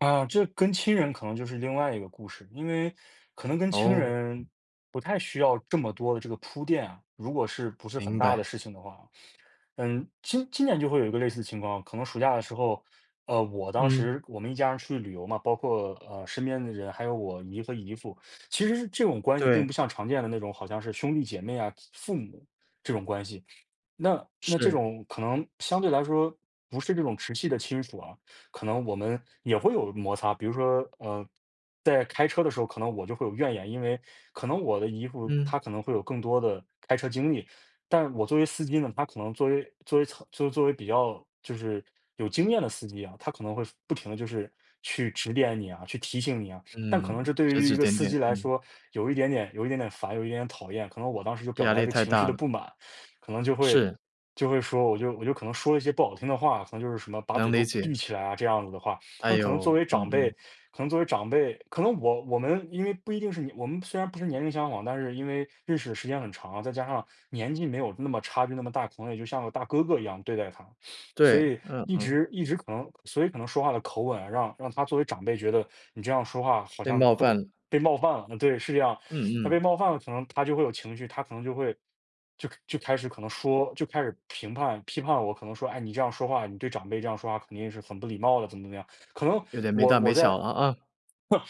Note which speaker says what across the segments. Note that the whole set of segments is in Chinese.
Speaker 1: 呃，这跟亲人可能就是另外一个故事。因为，可能跟亲
Speaker 2: 哦。
Speaker 1: 人，不太需要，这么多的这个铺垫啊。如果是不是很
Speaker 2: 明
Speaker 1: 大的
Speaker 2: 白。
Speaker 1: 事情的话。嗯，今今年就会有一个类似的情况。可能暑假的时候，呃，我当
Speaker 2: 嗯。
Speaker 1: 时我们一家人去旅游嘛。包括，呃，身边的人，还有我姨和姨父。其实这种关系并
Speaker 2: 对。
Speaker 1: 不像常见的那种，好像是兄弟姐妹啊、父母，这种关系。那那这
Speaker 2: 是。
Speaker 1: 种可能相对来说，不是这种直系的亲属啊，可能我们，也会有摩擦。比如说，呃，在开车的时候可能我就会有怨言。因为可能我的姨父
Speaker 2: 嗯。
Speaker 1: 他可能会有更多的，开车经历。但我作为司机呢，他可能作为作为作为比较就是有经验的司机啊，他可能会，不停地就是去，指点你啊、去提醒你啊。但可能
Speaker 2: 嗯，
Speaker 1: 这对
Speaker 2: 指
Speaker 1: 于一
Speaker 2: 指
Speaker 1: 个
Speaker 2: 点
Speaker 1: 司
Speaker 2: 点，
Speaker 1: 机来
Speaker 2: 嗯。
Speaker 1: 说，有一点点有一点点烦、有一点点讨厌。可能我当时就表
Speaker 2: 压
Speaker 1: 达了一
Speaker 2: 力
Speaker 1: 个
Speaker 2: 太
Speaker 1: 情绪
Speaker 2: 大
Speaker 1: 的不
Speaker 2: 了。
Speaker 1: 满。可能就会
Speaker 2: 是。
Speaker 1: 就会说我就我就可能说了一些不好听的话。可能就是什么，“把
Speaker 2: 能
Speaker 1: 嘴
Speaker 2: 理
Speaker 1: 都闭
Speaker 2: 解。
Speaker 1: 起来啊”，这样子的话。
Speaker 2: 哎
Speaker 1: 那可能作
Speaker 2: 呦，
Speaker 1: 为
Speaker 2: 嗯
Speaker 1: 长辈
Speaker 2: 嗯。
Speaker 1: 可能作为长辈可能我我们因为不一定是年我们虽然不是年龄相仿，但是因为，认识的时间很长，再加上，年纪没有那么差别那么大，可能也就像个大哥哥一样对待他。
Speaker 2: 对，
Speaker 1: 所以
Speaker 2: 嗯
Speaker 1: 一
Speaker 2: 嗯。
Speaker 1: 直一直可能所以可能说话的口吻，让让他作为长辈觉得，你这样说话，好
Speaker 2: 被
Speaker 1: 像
Speaker 2: 冒
Speaker 1: 特别
Speaker 2: 犯了。
Speaker 1: 被冒犯了。对，是这样。
Speaker 2: 嗯
Speaker 1: 那被
Speaker 2: 嗯。
Speaker 1: 冒犯了，可能他就会有情绪，他可能就会就就开始可能说，就开始评判、批判我。可能说，“哎，你这样说话，你对长辈这样说话，肯定也是很不礼貌的”，怎么怎么样。可能
Speaker 2: “有点没
Speaker 1: 我
Speaker 2: 大没
Speaker 1: 我在
Speaker 2: 小了啊。”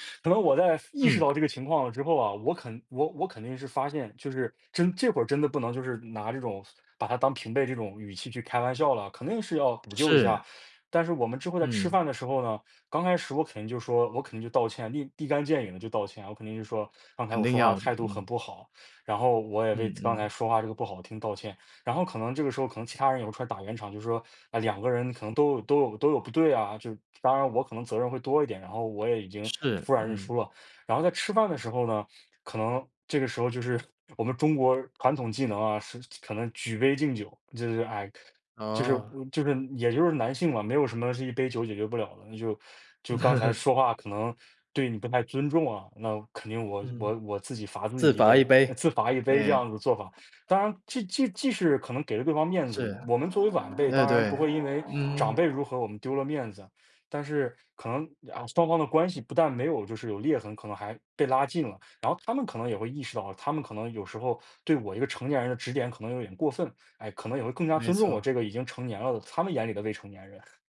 Speaker 1: 可能我在，意识
Speaker 2: 嗯。
Speaker 1: 到这个情况之后啊，我肯我我肯定是发现，就是，真这会儿真的不能就是拿这种把他当平辈这种语气去开玩笑了，肯定是要补救一下。
Speaker 2: 是。
Speaker 1: 但是我们之后在吃
Speaker 2: 嗯。
Speaker 1: 饭的时候呢，刚开始我肯定就说我肯定就道歉，立立竿见影地就道歉。我肯定就说，刚才
Speaker 2: 肯
Speaker 1: 我
Speaker 2: 定
Speaker 1: 说话
Speaker 2: 要的，
Speaker 1: 态度很
Speaker 2: 嗯。
Speaker 1: 不好，然后我也为
Speaker 2: 嗯
Speaker 1: 刚才
Speaker 2: 嗯。
Speaker 1: 说话这个不好听道歉。然后可能这个时候，可能其他人有出来打圆场，就是说，嗯，两个人可能都有都有都有不对啊，就当然我可能责任会多一点，然后我也已经
Speaker 2: 是，
Speaker 1: 服软认输
Speaker 2: 嗯。
Speaker 1: 了。然后在吃饭的时候呢，可能这个时候就是，我们中国传统技能啊，是可能举杯敬酒。就是唉，就是
Speaker 2: 哦。
Speaker 1: 就是也就是男性嘛，没有什么是一杯酒解决不了的。那就就“刚才说话可能，对你不太尊重啊，那肯定，我
Speaker 2: 嗯。
Speaker 1: 我我自己罚自己
Speaker 2: 自
Speaker 1: 一
Speaker 2: 罚一
Speaker 1: 杯“，
Speaker 2: 杯，
Speaker 1: 自罚一杯
Speaker 2: 哎。
Speaker 1: 这样子的做法。当然既既既是可能给了对方面子，
Speaker 2: 是，
Speaker 1: 我们作为晚辈，
Speaker 2: 呃，
Speaker 1: 当然
Speaker 2: 对。
Speaker 1: 不会因为
Speaker 2: 嗯。
Speaker 1: 长辈如何，我们丢了面子。但是可能，啊，双方的关系不但没有就是有裂痕，可能还被拉近了。然后他们可能也会意识到，他们可能有时候，对我一个成年人的指点可能有点过分。唉，可能也会更加
Speaker 2: 没
Speaker 1: 尊重我
Speaker 2: 错。
Speaker 1: 这个已经成年了的，他们眼里的未成年人。